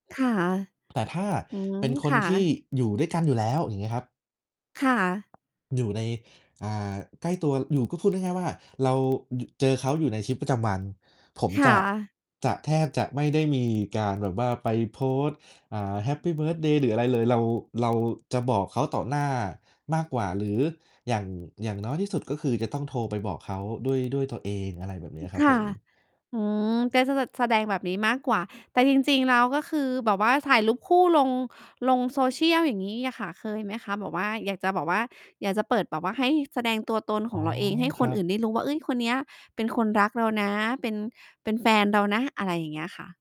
ค่ะ แต่ถ้าอืม เป็นคคน่ทีะ ่อยู่ด้วยกันอยู่แล้ว อย่างเงี้ยครับ ค่ะ อยู่ใน อ่า ใกล้ตัวอยู่ ก็พูดง่าย ๆ ว่าเรา อยู่ เจอเขาอยู่ในชีวิตประจำวัน ผมคจ่ะ ะ จะแทบจะไม่ได้มีการแบบว่าไปโพสต์ อ่า แฮปปีเบิร์ทเดย์หรืออะไรเลย เรา เราจะบอกเขาต่อหน้ามากกว่าหรืออย่าง อย่างน้อยที่สุด ก็คือจะต้องโทรไปบอกเขาด้วย ด้วยตัวเอง อะไรแบบนี้อ ครับค่ผะ ม อืม ใกล้ ส ส แสดงแบบนี้มากกว่า แต่จริง ๆ แล้วก็คือแบบว่าถ่ายรูปคู่ลง ลง Social อย่างงี้อะค่ะ เคยไหมคะ? แบบว่า อยากจะแบบว่า อยากจะเปิดแบบว่าให้แสดงตัวตนอข๋ออ งเราเองให้คครนัอืบ ่นได้รู้ว่า เอ้ย คนนี้เป็นคนรักเรานะ เป็น เป็นแฟนเรานะ? อะไรอย่างเงี้ยค่ะ